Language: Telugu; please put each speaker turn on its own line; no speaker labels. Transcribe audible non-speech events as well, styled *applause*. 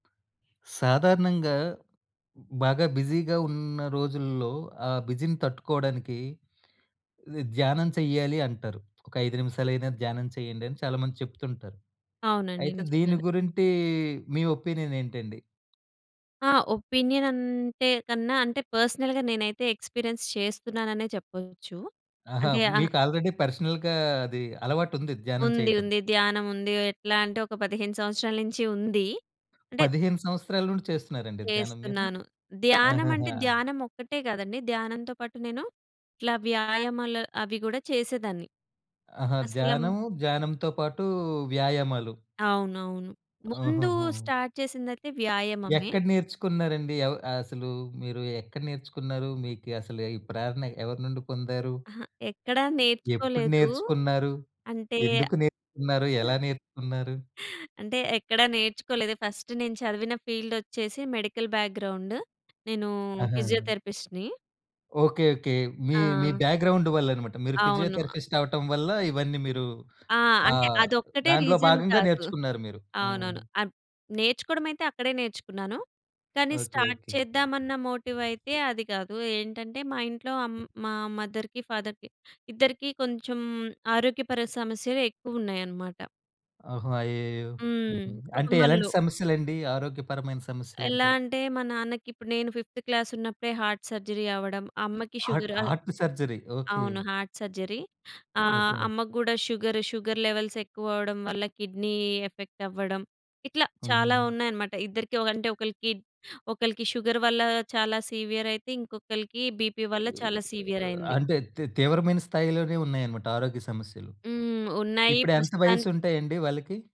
సాధారణంగా బాగా బిజీగా ఉన్న రోజుల్లో, ఆ బిజీని తట్టుకోవడానికి ద ధ్యానం చెయ్యాలి అంటారు. ఒక 5 నిమిషాలైనా ధ్యానం చేయండి అని చాలామంది చెప్తుంటారు.
అవునండి,
అయితే దీని
నిజంగానే.
గురించి మీ ఒపీనియనేంటండి?
ఆ! ఒపీనియన్ అంటే కన్నా అంటే పర్సనల్‌గా నేనైతే ఎక్స్‌పీరియెన్స్ చేస్తున్నాననే చెప్పొచ్చు.
ఆహా!
అంటే ఆ
మీకు ఆల్రెడీ పర్సనల్‌గా అది అలవాటుంది ధ్యానం
ఉంది,
చేయటం.
ఉంది ధ్యానముంది. ఎట్లా అంటే ఒక 15 సంవత్సరాల్నుంచి ఉంది. అంటే
15 సంవత్సరాల నుండి చేస్తున్నారండి ధ్యానం మీరు?
చేస్తున్నాను. ధ్యానమంటే,
ఆహాహా!
ధ్యానమొక్కటే గాదండి, ధ్యానంతో పాటు నేను ఇట్లా వ్యాయామాలు అవి గూడా చేసేదాన్ని.
ఆహా!
అసలమ్
ధ్యానము, ధ్యానంతో పాటు వ్యాయామాలు.
అవునవును. ముందు
ఆహాహా!
స్టార్ట్ చేసిందైతే వ్యాయామమే.
ఎక్కడ నేర్చుకున్నారండి? ఎవ్ అసలు మీరు ఎక్కడ నేర్చుకున్నారు, మీకు అసలు ఈ ప్రేరణ ఎవరి నుండి పొందారు?
అహా! ఎక్కడ
ఎప్పుడు
నేర్చుకోలేదు.
నేర్చుకున్నారు?
అంటే...
ఎందుకు నేర్చుకున్నారు?
*chuckles*
ఎలా నేర్చుకున్నారు?
అంటే ఎక్కడ నేర్చుకోలేదు. ఫస్ట్ నేను చదివిన ఫీల్డ్ ఒచ్చేసి మెడికల్ బ్యాక్‌గ్రౌండ్ నేను
ఆహా!
ఫిజియోథెరపిస్ట్‌ని.
ఓకే. ఓకే. మీ మీ
ఆ!
బ్యాక్‌గ్రౌండ్ వల్లన్నమాట! మీరు
అవును.
ఫిజియోథెరపిస్ట్ అవ్వటం వల్ల ఇవన్నీ మీరు
ఆ!
ఆ!
అంటే అదొక్కటే
దాంట్లో
రీజన్
భాగంగా
కాదు.
నేర్చుకున్నారు మీరు.
అవునవును,
హ్మ్.
అద్ నేర్చుకోవడమైతే అక్కడే నేర్చుకున్నాను. కానీ
ఓకే.
Start
okay.
చేద్దామన్న మోటివైతే అది గాదు. ఏంటంటే, మా ఇంట్లో అమ్ మా మదర్‌కి, ఫాదర్‌కి ఇద్దరికీ కొంచెం ఆరోగ్యపర సమస్యలెక్కువున్నాయన్నమాట.
ఓహో! అయ్యయ్యయ్యో! హుహు.
హ్మ్.
అంటే ఎలాంటి
కుటుంబంలో.
సమస్యలండి ఆరోగ్యపరమైన
ఎలా
సమస్యలంటే?
అంటే మా నాన్నకి ఇప్పుడు నేను ఫిఫ్త్ క్లాస్ ఉన్నప్పుడే హార్ట్ సర్జరీ అవ్వడం, అమ్మకి
హార్ట్
షుగర్. అ
హార్ట్ సర్జరీ. ఓకే.
అవును, హార్ట్ సర్జరీ ఆహ్,
ఓకే.
అమ్మకు గూడా షుగర్ షుగర్ లెవెల్స్ ఎక్కువ అవ్వడం వల్ల కిడ్నీ ఎఫెక్ట్ అవ్వడం, ఇట్లా చాలా
హుహుహు.
ఉన్నాయన్నమాట ఇద్దరికి. అంటే ఒ ఒకళ్ళకి ఒకళ్ళకి షుగర్ వల్ల చాలా సివియరయితే, ఇంకొకళ్ళకి బీపీ వల్ల చాలా సివియరయింది.
అంటే తీ తీవ్రమైన స్థాయిలోనే ఉన్నాయన్నమాట ఆరోగ్య సమస్యలు.
హ్మ్. ఉన్నాయి
ఇప్పుడెంత
ప్రస్తుతాని
వయసు ఉంటాయండి వాళ్ళకి?